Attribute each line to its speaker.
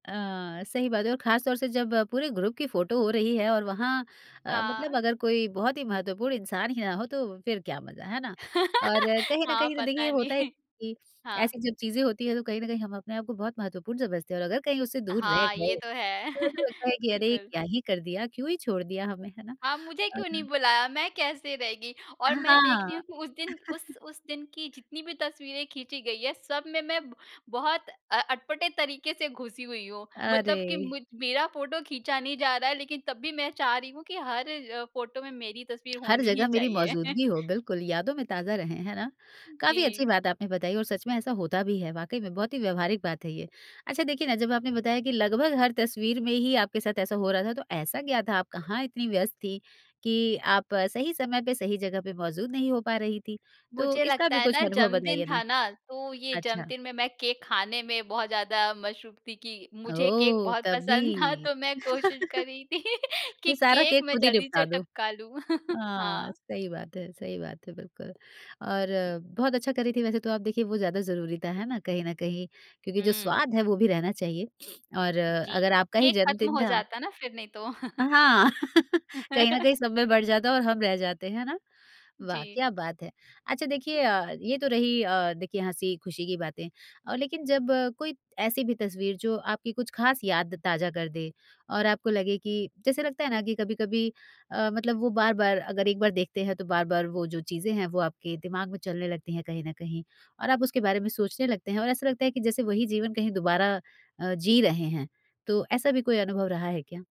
Speaker 1: अ, सही बात है और खासतौर से जब पूरे ग्रुप की फोटो हो रही है और वहाँ अ, मतलब
Speaker 2: हाँ।
Speaker 1: अगर कोई बहुत ही महत्वपूर्ण इंसान ही ना हो तो फिर क्या मज़ा, है ना? और कहीं न
Speaker 2: हाँ,
Speaker 1: कहीं तो देखिए
Speaker 2: पता
Speaker 1: होता है
Speaker 2: नहीं।
Speaker 1: कि,
Speaker 2: हाँ।
Speaker 1: ऐसी जो चीज़ें होती हैं तो कहीं न कहीं हम अपने आप को बहुत महत्वपूर्ण समझते हैं और अगर कहीं उससे दूर रह
Speaker 2: हाँ, ये
Speaker 1: गए,
Speaker 2: तो है।
Speaker 1: तो ऐसा लगता है कि अरे
Speaker 2: बिल्कुल।
Speaker 1: क्या ही कर दिया? क्यों ही छोड़ दिया हमें, है ना?
Speaker 2: हाँ, मुझे क्यों नहीं
Speaker 1: [unintelligible]
Speaker 2: बुलाया? मैं कैसे रह गई?
Speaker 1: अ, ह
Speaker 2: और मैं देख
Speaker 1: हाँ।
Speaker 2: रही हूँ कि उस दिन उस उस दिन की जितनी भी तस्वीरें खींची गई हैं सब में मैं ब बहुत अ अटपटे तरीके से घुसी हुई हूँ, मतलब कि
Speaker 1: अरे!
Speaker 2: मुझ मेरा फोटो खींचा नहीं जा रहा है लेकिन तब भी मैं चाह रही हूँ कि हर अ, फोटो में मेरी तस्वीर
Speaker 1: हर
Speaker 2: होनी ही
Speaker 1: जगह मेरी
Speaker 2: चाहिए।
Speaker 1: मौजूदगी हो, बिल्कुल। यादों में ताज़ा रहें, है ना? काफ़ी अच्छी
Speaker 2: जी।
Speaker 1: बात आपने बताई और सच में ऐसा होता भी है वाक़ई में बहुत ही व्यावहारिक बात है ये। अच्छा देखिए ना जब आपने बताया कि लगभग हर तस्वीर में ही आपके साथ ऐसा हो रहा था तो ऐसा क्या था? आप कहाँ इतनी व्यस्त थी, कि आप सही समय पे सही जगह पे मौजूद नहीं हो पा रही थी? तो
Speaker 2: मुझे
Speaker 1: इसका
Speaker 2: लगता
Speaker 1: भी
Speaker 2: है
Speaker 1: कुछ
Speaker 2: ना
Speaker 1: अनुभव
Speaker 2: जन्मदिन
Speaker 1: बताइए ना।
Speaker 2: था ना, तो ये
Speaker 1: अच्छा।
Speaker 2: जन्मदिन में मैं केक खाने में बहुत ज़्यादा मसरूफ़ थी कि, मुझे केक
Speaker 1: ओह,
Speaker 2: बहुत
Speaker 1: तभी!
Speaker 2: पसंद था तो मैं कोशिश कर रही थी कि
Speaker 1: ये सारा
Speaker 2: केक
Speaker 1: केक
Speaker 2: मैं
Speaker 1: खुद ही
Speaker 2: जल्दी से
Speaker 1: निपटा दो।
Speaker 2: टपका लूँ।
Speaker 1: हाँ,
Speaker 2: हाँ।
Speaker 1: सही बात है, सही बात है, बिल्कुल। और बहुत अच्छा कर रही थी वैसे तो आप देखिए वो ज़्यादा ज़रूरी था, है ना? कहीं न कहीं, क्योंकि जो
Speaker 2: हुँ।
Speaker 1: स्वाद है वो भी रहना चाहिए और
Speaker 2: जी,
Speaker 1: अगर आपका ही
Speaker 2: केक खत्म
Speaker 1: जन्मदिन
Speaker 2: हो
Speaker 1: था
Speaker 2: जाता ना फिर नहीं तो।
Speaker 1: अ, हाँ, कहीं न कहीं सब में बँट जाता और हम रह जाते, है ना? वाह,
Speaker 2: जी।
Speaker 1: क्या बात है! अच्छा देखिए अ, ये तो रही अ, देखिए हँसी-खुशी की बातें, अ, लेकिन जब कोई ऐसी भी तस्वीर जो आपकी कुछ खास याद ताज़ा कर दे और आपको लगे कि जैसे लगता है ना कि कभी-कभी अ, मतलब वो बार-बार अगर एक बार देखते हैं तो बार-बार वो जो चीज़ें हैं वो आपके दिमाग में चलने लगती हैं कहीं न कहीं, और आप उसके बारे में सोचने लगते हैं और ऐसा लगता है कि जैसे वही जीवन कहीं दोबारा अ, जी रहे हैं, तो ऐसा भी कोई अनुभव रहा है क्या?